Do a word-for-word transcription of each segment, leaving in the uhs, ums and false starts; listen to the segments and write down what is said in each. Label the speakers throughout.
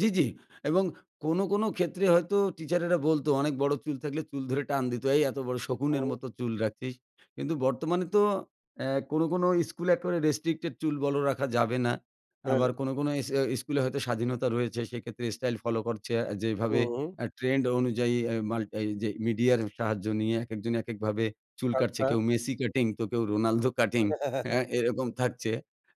Speaker 1: জ্বি, জ্বি। এবং কোনো, কোনো ক্ষেত্রে হয়তো টিচারেরা বলতো অনেক বড়ো চুল থাকলে চুল ধরে টান দিত। এই এত বড়ো শকুনের
Speaker 2: ও।
Speaker 1: মতো চুল রাখছিস। কিন্তু বর্তমানে তো এহ কোনো, কোনো স্কুলে একেবারে restricted, চুল বড় রাখা যাবে না।
Speaker 2: হ্যাঁ।
Speaker 1: আবার কোনো, কোনো ইস স্কুলে হয়তো স্বাধীনতা রয়েছে। সেক্ষেত্রে স্টাইল ফলো করছে আ যেভাবে
Speaker 2: হুম।
Speaker 1: এহ ট্রেন্ড অনুযায়ী অ্যা মাল এ যে মিডিয়ার সাহায্য নিয়ে একেকজন একেকভাবে চুল কাটছে।
Speaker 2: আচ্ছা।
Speaker 1: কেউ মেসি কাটিং, তো কেউ রোনালদো কাটিং। হ্যাঁ? এরকম থাকছে।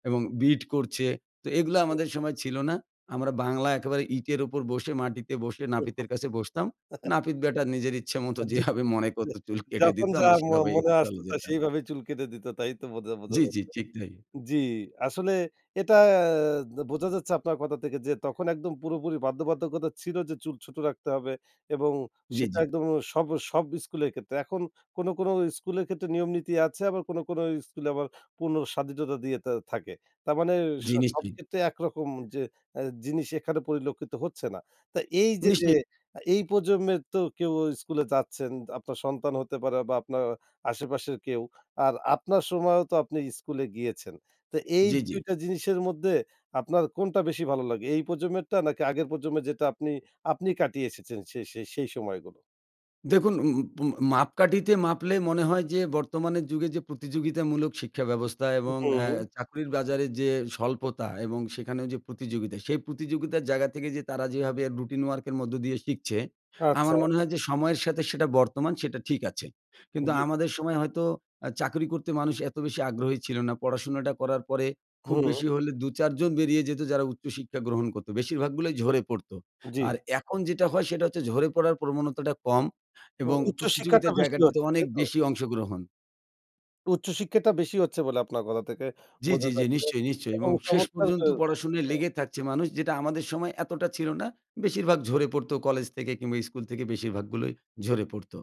Speaker 1: এবং bit করছে। তো এগুলো
Speaker 2: হুম।
Speaker 1: আমাদের সময় ছিল না। আমরা বাংলায় একেবারে ইটের উপর বসে মাটিতে বসে নাপিতের কাছে বসতাম। নাপিত ব্যাটা নিজের ইচ্ছে মত
Speaker 2: আহ, জ্বি।
Speaker 1: যেভাবে মনে
Speaker 2: এহ
Speaker 1: করতো, চুল কেটে
Speaker 2: যখন
Speaker 1: দিত।
Speaker 2: যা
Speaker 1: আমরা
Speaker 2: ম
Speaker 1: সেভাবেই
Speaker 2: মনে আসতো,
Speaker 1: চলে
Speaker 2: তা
Speaker 1: যেতাম।
Speaker 2: সেইভাবে চুল কেটে দিত, তাই তো? বোঝা বোঝা
Speaker 1: জ্বি, জ্বি।
Speaker 2: যাচ্ছে।
Speaker 1: ঠিক তাই।
Speaker 2: জী, আসলে এটা আ দা বোঝা যাচ্ছে আপনার কথা থেকে যে, তখন একদম পুরোপুরি বাধ্যবাধকতা ছিল যে চুল ছোট রাখতে হবে এবং
Speaker 1: জ্বি,
Speaker 2: সেটা
Speaker 1: জ্বি।
Speaker 2: একদম উম সব সব স্কুলের ক্ষেত্রে। এখন কোন, কোন স্কুলের ক্ষেত্রে নিয়ম নীতি আছে। আবার কোন, কোন স্কুলে আবার পূর্ণ স্বাধীনতা দিয়ে তা থাকে। তার মানে আ এ
Speaker 1: জ্বি, নিশ্চয়ই।
Speaker 2: সবক্ষেত্রে একরকম যে এহ জিনিস এখানে পরিলক্ষিত হচ্ছে না। তা এইযে যে
Speaker 1: নিশ্চয়ই।
Speaker 2: এই প্রজন্মের তো কেউ স্কুলে যাচ্ছেন, আপনার সন্তান হতে পারে বা, আপনার আশেপাশের কেউ। আর আপনার সময়ও তো আপনি স্কুলে গিয়েছেন। তো এই
Speaker 1: জ্বি,
Speaker 2: দুই
Speaker 1: জ্বি।
Speaker 2: টা জিনিসের মধ্যে আপনার কোনটা বেশি ভালো লাগে? এই প্রজন্মেরটা নাকি আগের প্রজন্মের যেটা আপনি আপনি কাটিয়ে এসেছেন সে সে সেই সময়গুলো?
Speaker 1: দেখুন, উন উন পুন মাপকাঠিতে মাপলে মনে হয় যে, বর্তমানের যুগে যে প্রতিযোগিতামূলক শিক্ষা ব্যবস্থা এবং এহ
Speaker 2: হুম।
Speaker 1: চাকরির বাজারের যে স্বল্পতা এবং সেখানে যে প্রতিযোগিতা, সেই প্রতিযোগিতার জায়গা থেকে যে তারা যেভাবে রুটিন ওয়ার্কের মধ্য দিয়ে শিখছে। আমার
Speaker 2: আচ্ছা।
Speaker 1: মনে হয় যে, সময়ের সাথে সেটা বর্তমান সেটা ঠিক আছে। কিন্তু
Speaker 2: জ্বি।
Speaker 1: আমাদের সময় হয়তো অ্যা চাকরি করতে মানুষ এত বেশি আগ্রহী ছিল না। পড়াশোনাটা করার পরে খুব
Speaker 2: হুম।
Speaker 1: বেশি হলে দু চার জন বেরিয়ে যেত যারা উচ্চশিক্ষা গ্রহণ করত। বেশিরভাগগুলো ঝরে পড়তো।
Speaker 2: জ্বি।
Speaker 1: আর এখন যেটা হয়, সেটা হচ্ছে ঝরে পড়ার প্রবণতাটা কম
Speaker 2: উ
Speaker 1: এবং
Speaker 2: উচ্চশিক্ষাটা
Speaker 1: প্রতিযোগিতার
Speaker 2: বেশি
Speaker 1: জায়গাটাতে
Speaker 2: হচ্ছে,
Speaker 1: অনেক
Speaker 2: তাই তো?
Speaker 1: বেশি অংশগ্রহণ।
Speaker 2: উচ্চশিক্ষাটা বেশি হচ্ছে বলে আপনার কথা থেকে
Speaker 1: জ্বি,
Speaker 2: বোঝা
Speaker 1: জ্বি, জ্বি।
Speaker 2: যাচ্ছে।
Speaker 1: নিশ্চয়ই, নিশ্চয়ই। এবং
Speaker 2: এবং
Speaker 1: শেষ
Speaker 2: চমৎকার
Speaker 1: পর্যন্ত
Speaker 2: এ
Speaker 1: পড়াশোনায়
Speaker 2: হুম।
Speaker 1: লেগে থাকছে মানুষ, যেটা আমাদের সময় এতটা ছিল না। বেশিরভাগ ঝরে পড়তো কলেজ থেকে কিংবা, স্কুল থেকে বেশিরভাগগুলোই ঝরে পড়তো।